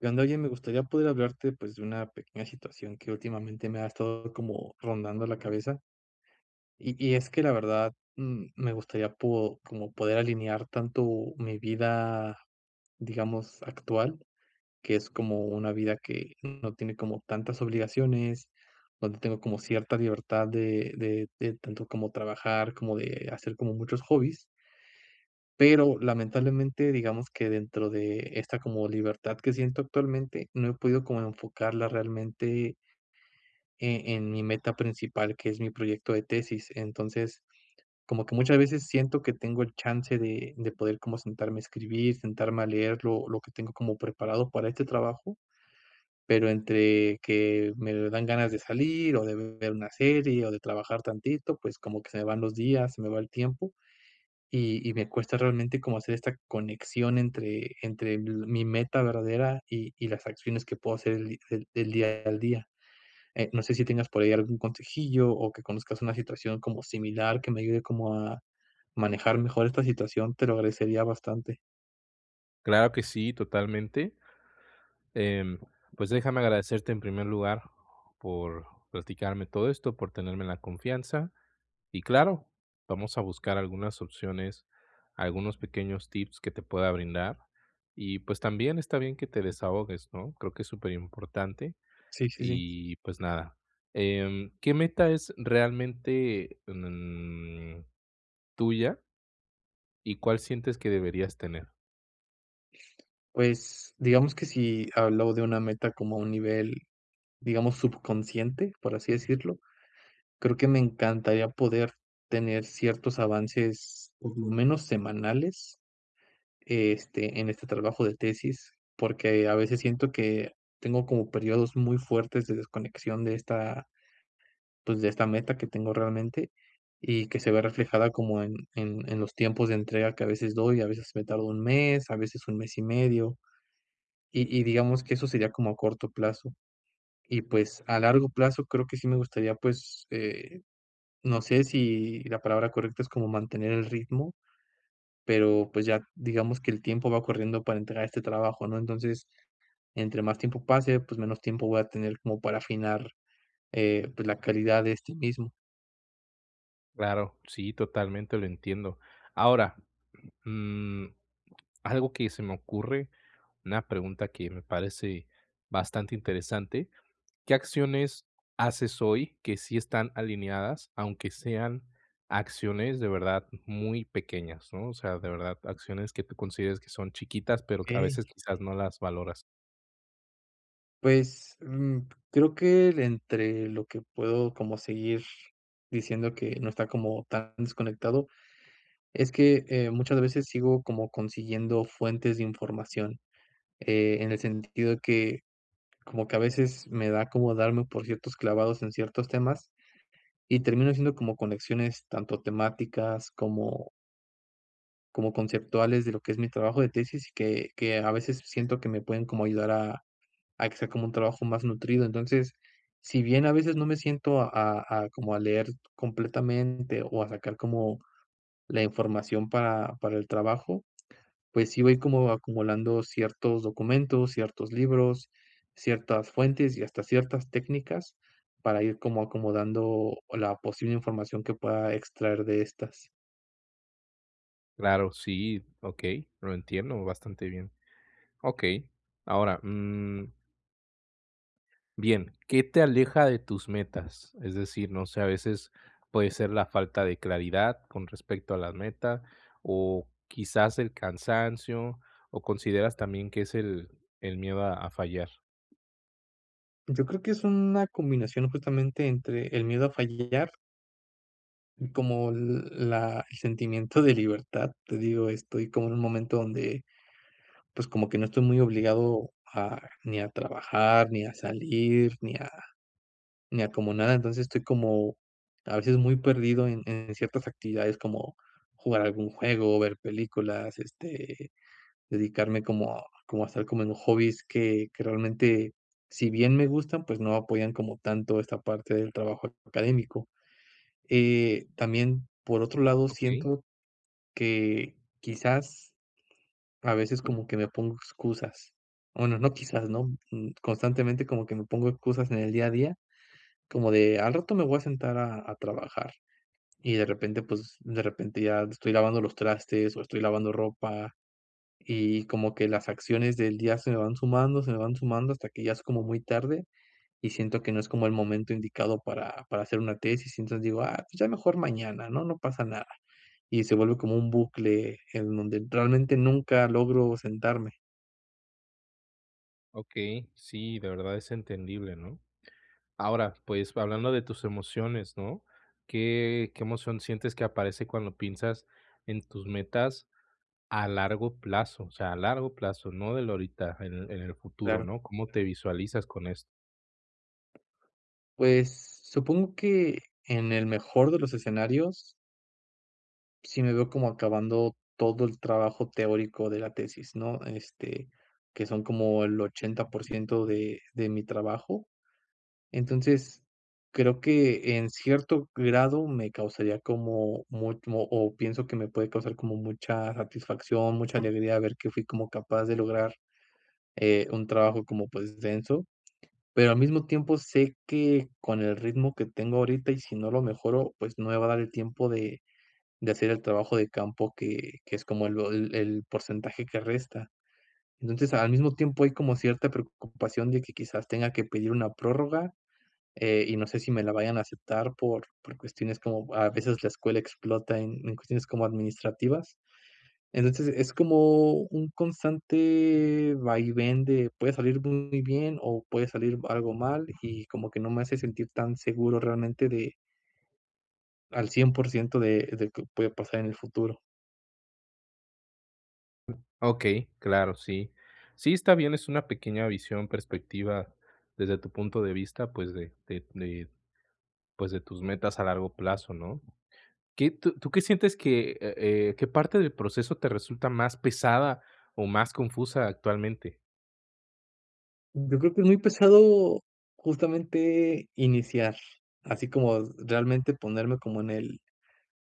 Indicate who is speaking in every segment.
Speaker 1: [unintelligible] Me gustaría poder hablarte, pues, de una pequeña situación que últimamente me ha estado como rondando la cabeza. Y y es que, la verdad, mm, me gustaría po como poder alinear tanto mi vida, digamos, actual, que es como una vida que no tiene como tantas obligaciones, donde tengo como cierta libertad de de de, tanto como trabajar, como de hacer como muchos hobbies. Pero, lamentablemente, digamos que dentro de esta, como libertad que siento actualmente, no he podido como enfocarla realmente eh, en mi meta principal, que es mi proyecto de tesis. Entonces, como que muchas veces siento que tengo el chance de de poder como sentarme a escribir, sentarme a leer lo lo que tengo como preparado para este trabajo, pero entre que, me dan ganas de salir o de ver una serie o de trabajar tantito, pues como que se me van los días, se me va el tiempo, y y me cuesta realmente como hacer esta conexión entre entre mi meta verdadera y y las acciones que puedo hacer el di el el día al día. Eh, no sé si tengas por ahí algún consejillo o que conozcas una situación como similar que me ayude como a manejar mejor esta situación, te lo agradecería bastante.
Speaker 2: Claro que sí, totalmente. Em, pues déjame agradecerte, en primer lugar, por, platicarme todo esto, por tenerme la confianza. Y claro, vamos a buscar algunas opciones, algunos pequeños tips que te pueda brindar. Y, pues, también está bien que te desahogues, ¿no? Creo que es super importante.
Speaker 1: Sí, sí, sí.
Speaker 2: Y, pues, nada, em, ¿qué meta es realmente, mm, tuya? Y, ¿cuál sientes que deberías tener?
Speaker 1: Pues, digamos que si hablo de una meta como a un nivel, digamos, subconsciente, por así decirlo, creo que me encantaría poder tener ciertos avances, por lo menos semanales, este, en este trabajo de tesis, porque a veces siento que, tengo como períodos muy fuertes de desconexión de esta pues, de esta meta que tengo realmente, y que se ve reflejada como en en en los tiempos de entrega que a veces doy, a veces me tardo 1 mes, a veces 1 mes y medio, y y digamos que eso sería como a corto plazo. Y, pues, a largo plazo creo que sí me gustaría, pues, eh, no sé si, la palabra correcta es como mantener el ritmo, pero, pues, ya, digamos que el tiempo va corriendo para entregar este trabajo, ¿no? Entonces, entre más tiempo pase pues menos tiempo voy a tener como para afinar, eh, pues la calidad de este mismo.
Speaker 2: Claro, sí, totalmente lo entiendo. Ahora, mm, algo que se me ocurre, una pregunta que me parece bastante interesante, ¿qué acciones haces hoy que sí están alineadas, aunque sean acciones, de verdad, muy pequeñas, no?, o sea, de verdad, acciones que tú consideres son chiquitas, pero qué a
Speaker 1: Okey.
Speaker 2: veces, quizás, no las valoras.
Speaker 1: Pues, mm, creo que entre lo que puedo como seguir diciendo que no está como tan desconectado, es que, eh, muchas veces sigo como consiguiendo fuentes de información, eh, en el sentido que como que a veces me da como darme por ciertos clavados en ciertos temas, y termino siendo como conexiones tanto temáticas como como conceptuales de lo que es mi trabajo de tesis, que que a veces, siento que me pueden como ayudar a a que sea como un trabajo más nutrido. Entonces, si bien a veces no me siento a a a como a leer completamente, o a sacar como la información para para el trabajo, pues, sí voy como acumulando ciertos documentos, ciertos libros, ciertas fuentes y hasta ciertas técnicas para ir como acomodando la posible información que pueda extraer de estas.
Speaker 2: Claro sí, okey, lo entiendo bastante bien. Okey, ahora, mm bien, ¿qué te aleja de tus metas? Es decir, no sé, a veces puede ser la falta de claridad con respecto a la meta o, quizás, el cansancio o, ¿consideras también que es el, el miedo a a fallar?
Speaker 1: Yo creo que es una combinación justamente entre el miedo a fallar y como l la el sentimiento de libertad, te digo, estoy como en un momento donde, pues, como que no estoy muy obligado a ni a trabajar, ni a salir, ni a ni a como nada, entonces, estoy como, a veces muy perdido en en ciertas actividades como, jugar algún juego o ver películas, este, dedicarme como como a hacer como en hobbies que que realmente, si bien me gustan, pues no apoyan como tanto esta parte del trabajo académico. Eh, también, por otro lado
Speaker 2: Okey.
Speaker 1: siento, que, quizás, a veces como que me pongo excusas, bueno, no quizás no, mm, constantemente como que me pongo excusas en el día a día, como de: "Al rato me voy a sentar a a trabajar". Y de repente, pues, de repente ya estoy lavando los trastes o estoy lavando ropa, y, como que las acciones del día se me van sumando, se me van sumando hasta que ya es como muy tarde, y siento que no es como el momento indicado para, para hacer una tesis, y entonces digo: "Ah pues ya mejor mañana, ¿no? No pasa nada". Y se vuelve como un bucle en donde realmente nunca logro sentarme.
Speaker 2: Okey, sí, de verdad es entendible, ¿no? Ahora, pues, hablando de tus emociones, ¿no? ¿Qué qué emoción sientes que aparece cuando piensas en tus metas a largo plazo? O sea, a largo plazo, no del ahorita, en el en el futuro,
Speaker 1: Claro.
Speaker 2: ¿no? ¿Cómo te visualizas con esto?
Speaker 1: Pues, supongo que en el mejor de los escenarios sí me veo como acabando todo el trabajo teórico de la tesis, ¿no?, este, que son como el 80% de de mi trabajo. Entonces, creo que, en cierto grado, me causaría como mu o o pienso que me puede causar como mucha satisfacción, mucha alegría ver que fui como capaz de lograr, eh, un trabajo como, pues, denso, pero al mismo tiempo, sé que con el ritmo que tengo ahorita y si no lo mejoro, pues, no me va a dar el tiempo de de hacer el trabajo de campo que que es como el o el el porcentaje que resta. Entonces, al mismo tiempo, hay como cierta preocupación de que quizás tenga que pedir una prórroga, eh, y no sé si me la vayan a aceptar por por cuestiones como a veces la escuela explota en en cuestiones como administrativas. Entonces, es como un constante vaivén, puede salir muy bien o puede salir algo mal, y como que no me hace sentir tan seguro realmente de al 100% de de qué puede pasar en el futuro.
Speaker 2: Mm, okey, claro, sí. Sí, está bien, es una pequeña visión, perspectiva desde tu punto de vista, pues, de de de, pues, de tus metas a largo plazo, ¿no? ¿Qué tú tú qué sientes que, eh eh, qué parte del proceso te resulta más pesada o más confusa actualmente?
Speaker 1: Yo creo que es muy pesado, justamente, iniciar, así como realmente ponerme como en el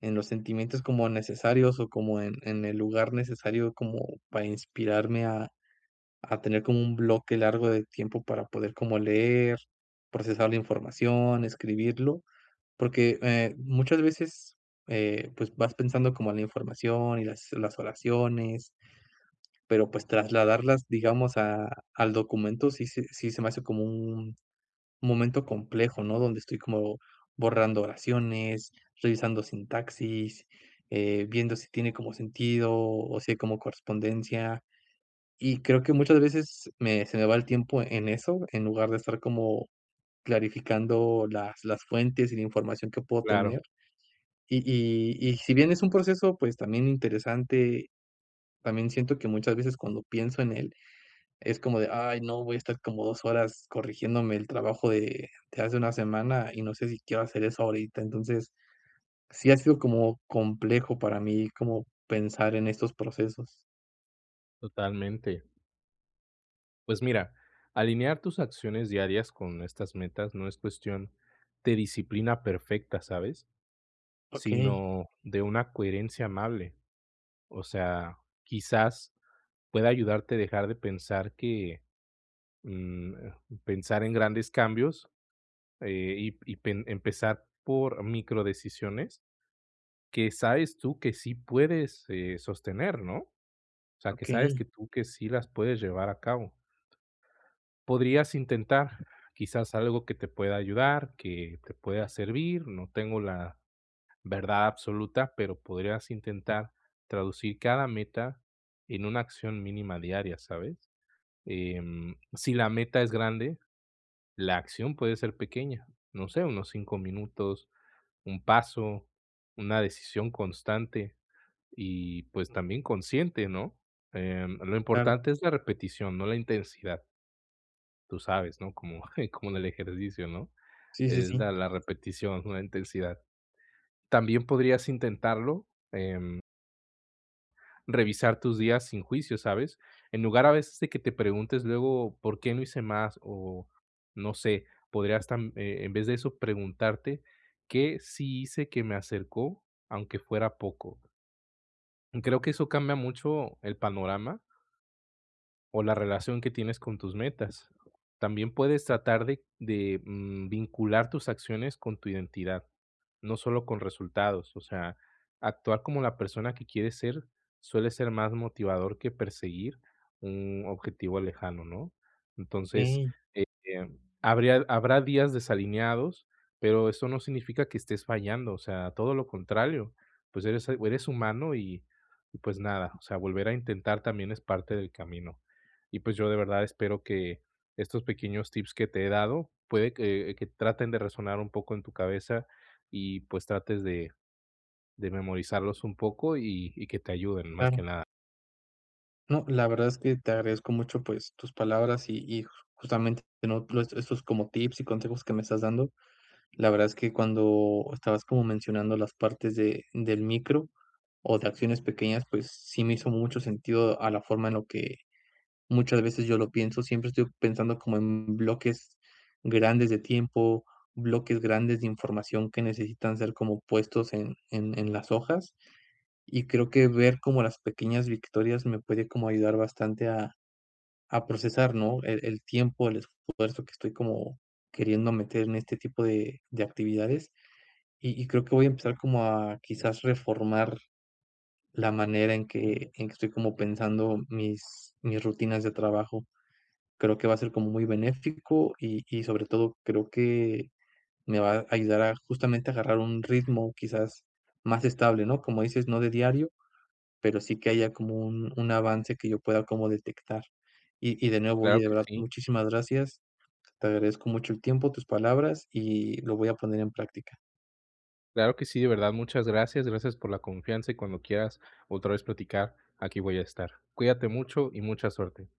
Speaker 1: en los sentimientos como necesarios o como en en el lugar necesario como para inspirarme a a tener como un bloque largo de tiempo para poder como leer, procesar la información, escribirlo. Porque, eh, muchas veces, eh, pues, vas pensando como la información y las las oraciones pero, pues, trasladarlas, digamos, a al documento sí se sí se me hace como un un momento complejo, ¿no?, donde estoy como borrando oraciones, revisando sintaxis, eh, viendo si tiene como sentido o si hay como correspondencia. Y creo que muchas veces me se me va el tiempo en eso, en lugar de estar como clarificando las las fuentes y la información que puedo
Speaker 2: Claro.
Speaker 1: tener. Y y y si bien es un proceso, pues, también interesante, también siento que muchas veces cuando pienso en él, es como de: "Ay no, voy a estar como 2 horas corrigiéndome el trabajo de de hace una semana y no sé si quiero hacer eso ahorita". Entonces, sí, ha sido como complejo para mí como pensar en estos procesos.
Speaker 2: Totalmente. Pues, mira, alinear tus acciones diarias con estas metas, no es cuestión de disciplina perfecta, ¿sabes?,
Speaker 1: Okey.
Speaker 2: sino de una coherencia amable. O sea, quizás, pueda ayudarte dejar de pensar que, mm, pensar en grandes cambios y y pen empezar por micro-decisiones que sabes tú que sí puedes, eh, sostener, ¿no?, o sea, que sabes que
Speaker 1: Okey.
Speaker 2: tú que sí las puedes llevar a cabo. Podrías intentar, quizás, algo que te pueda ayudar, que te pueda servir, no tengo la verdad absoluta, pero podrías intentar traducir cada meta en una acción mínima diaria, ¿sabes?, em, si la meta es grande, la acción puede ser pequeña, no sé, unos 5 minutos, un paso, una decisión constante y, pues también consciente, ¿no?, em, lo
Speaker 1: Claro.
Speaker 2: importante es la repetición, no la intensidad. Tú sabes, ¿no?, como como en el ejercicio, ¿no?,
Speaker 1: Sí, sí,
Speaker 2: es la
Speaker 1: sí.
Speaker 2: la repetición, no la intensidad. También podrías intentarlo, em revisar tus días sin juicio, ¿sabes?, en lugar a veces de que te preguntes luego, ¿por qué no hice más?, o, no sé, podrías, tam eh, en vez de eso, preguntarte: "¿Qué sí hice que me acercó, aunque fuera poco? Creo que eso cambia mucho el panorama o la relación que tienes con tus metas. También puedes tratar de de, mm, vincular tus acciones con tu identidad, no solo con resultados, o sea, actuar como la persona que quieres ser, suele ser más motivador que perseguir un objetivo lejano, ¿no? Entonces,
Speaker 1: Okey.
Speaker 2: eh, habría habrá días desalineados, pero eso no significa que estés fallando, o sea, todo lo contrario, pues, eres el o eres humano y y, pues, nada, o sea, volver a intentar también es parte del camino. Y, pues, yo, de verdad, espero que estos pequeños tips que te he dado, puede que que traten de resonar un poco en tu cabeza y, pues, trates de de memorizarlos un poco y y que te ayuden más que
Speaker 1: Claro.
Speaker 2: nada.
Speaker 1: No, la verdad es que te agradezco mucho, pues, tus palabras y y, justamente, ¿no?, estos estos como tips y consejos que me estás dando. La verdad es que cuando estabas como mencionando las partes de del micro, o de acciones pequeñas, pues, sí me hizo mucho sentido a la forma en lo que muchas veces yo lo pienso, siempre estoy pensando como en bloques grandes de tiempo, bloques grandes de información que necesitan ser como puestos en en en las hojas, y creo que ver como las pequeñas victorias me puede como ayudar bastante a a procesar, ¿no?, el el tiempo, el esfuerzo que estoy como queriendo meter en este tipo de de actividades. Y y creo que voy a empezar como a quizás, reformar la manera en que en que estoy como pensando mis mis rutinas de trabajo. Creo que va a ser como muy benéfico y y sobre todo creo que me va a ayudar a justamente, a agarrar un ritmo quizás más estable, ¿no? Como dices, no de diario, pero sí que haya como un un avance que yo pueda como detectar. Y y de nuevo, oye,
Speaker 2: Claro
Speaker 1: de
Speaker 2: que
Speaker 1: verdad,
Speaker 2: sí.
Speaker 1: muchísimas gracias. Te agradezco mucho el tiempo, tus palabras, y lo voy a poner en práctica.
Speaker 2: Claro que sí, de verdad, muchas gracias, gracias por la confianza y cuando quieras otra vez platicar, aquí voy a estar. Cuídate mucho y mucha suerte.